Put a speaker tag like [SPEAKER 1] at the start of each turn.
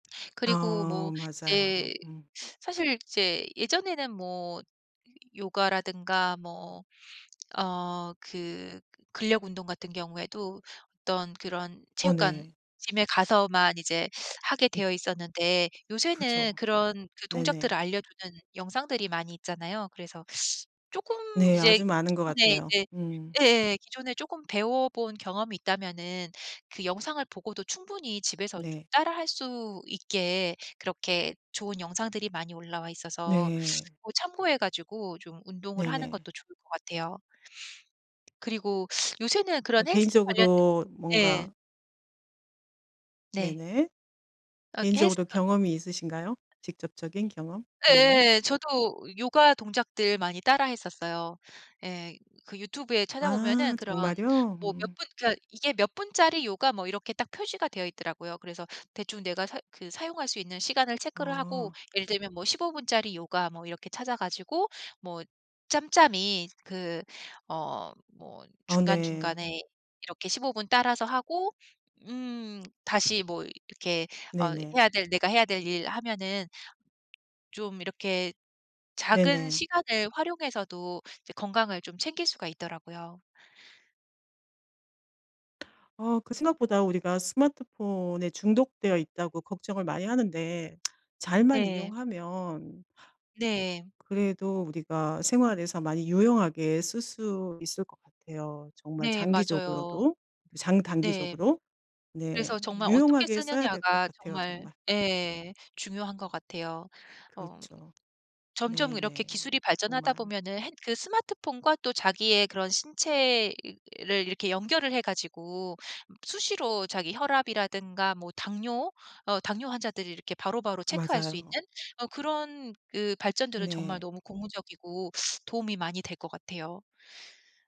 [SPEAKER 1] 그리고
[SPEAKER 2] 어
[SPEAKER 1] 뭐
[SPEAKER 2] 맞아요.
[SPEAKER 1] 이제
[SPEAKER 2] 음.
[SPEAKER 1] 사실 이제 예전에는 뭐 요 요가라든가 뭐 어 그 근력 운동 같은 경우에도 어떤 그런
[SPEAKER 2] 어
[SPEAKER 1] 체육관
[SPEAKER 2] 네.
[SPEAKER 1] gym에 가서만 이제 하게
[SPEAKER 2] 음.
[SPEAKER 1] 되어 있었는데 요새는
[SPEAKER 2] 그쵸.
[SPEAKER 1] 그런 그 동작들을
[SPEAKER 2] 네네.
[SPEAKER 1] 알려주는 영상들이 많이 있잖아요. 그래서 쪼끔
[SPEAKER 2] 네.
[SPEAKER 1] 이제
[SPEAKER 2] 아주 많은 것
[SPEAKER 1] 기존에
[SPEAKER 2] 같아요.
[SPEAKER 1] 이제
[SPEAKER 2] 음.
[SPEAKER 1] 예예예 기존에 조금 배워본 경험이 있다면은 그 영상을 보고도 충분히 집에서 좀
[SPEAKER 2] 네.
[SPEAKER 1] 따라 할 수 있게 그렇게 좋은 영상들이 많이 올라와 있어서
[SPEAKER 2] 네.
[SPEAKER 1] 뭐 참고해 가지고 좀 운동을 하는
[SPEAKER 2] 네네.
[SPEAKER 1] 것도 좋을 것 같아요. 그리고 요새는
[SPEAKER 2] 어
[SPEAKER 1] 그런 헬스 관련된
[SPEAKER 2] 개인적으로
[SPEAKER 1] 예.
[SPEAKER 2] 뭔가
[SPEAKER 1] 네.
[SPEAKER 2] 네네.
[SPEAKER 1] 어
[SPEAKER 2] 개인적으로
[SPEAKER 1] 헬스가
[SPEAKER 2] 경험이 있으신가요? 직접적인 경험? 네네.
[SPEAKER 1] 예예예. 저도 요가 동작들 많이 따라 했었어요. 예. 그 유튜브에 찾아보면은
[SPEAKER 2] 아
[SPEAKER 1] 그런
[SPEAKER 2] 정말요?
[SPEAKER 1] 뭐 몇
[SPEAKER 2] 음.
[SPEAKER 1] 분 그니까 이게 몇 분짜리 요가 뭐 이렇게 딱 표시가 되어 있더라고요. 그래서 대충 내가 사 그 사용할 수 있는 시간을 체크를 하고
[SPEAKER 2] 어.
[SPEAKER 1] 예를 들면 뭐 15 분짜리 요가 뭐 이렇게 찾아 가지고 뭐 짬짬이 그 어 뭐
[SPEAKER 2] 어 네.
[SPEAKER 1] 중간중간에 이렇게 15 분 따라서 하고 음 다시 뭐 이렇게 어
[SPEAKER 2] 네네.
[SPEAKER 1] 해야 될 내가 해야 될 일 하면은 좀 이렇게 작은
[SPEAKER 2] 네네.
[SPEAKER 1] 시간을 활용해서도 이제 건강을 좀 챙길 수가 있더라고요.
[SPEAKER 2] 아 그 생각보다 우리가 스마트폰에 중독되어 있다고 걱정을 많이 하는데 잘만
[SPEAKER 1] 네.
[SPEAKER 2] 이용하면
[SPEAKER 1] 네.
[SPEAKER 2] 그래도 우리가 생활에서 많이 유용하게 쓸 수 있을 것 같아요. 정말
[SPEAKER 1] 네. 맞아요.
[SPEAKER 2] 장기적으로도
[SPEAKER 1] 네.
[SPEAKER 2] 장단기적으로. 네.
[SPEAKER 1] 그래서 정말 어떻게
[SPEAKER 2] 유용하게 써야 될 것
[SPEAKER 1] 쓰느냐가
[SPEAKER 2] 같아요
[SPEAKER 1] 정말
[SPEAKER 2] 정말.
[SPEAKER 1] 예 중요한 것 같아요. 엄
[SPEAKER 2] 그렇죠.
[SPEAKER 1] 점점 이렇게
[SPEAKER 2] 네네.
[SPEAKER 1] 기술이 발전하다
[SPEAKER 2] 정말.
[SPEAKER 1] 보면은 핸 그 스마트폰과 또 자기의 그런 신체를 이렇게 연결을 해 가지고 수시로 자기 혈압이라든가 뭐 당뇨 어 당뇨 환자들이 이렇게 바로바로 체크할 수 있는
[SPEAKER 2] 맞아요.
[SPEAKER 1] 어 그런 그 발전들은 정말
[SPEAKER 2] 네.
[SPEAKER 1] 너무 고무적이고 도움이 많이 될 것 같아요.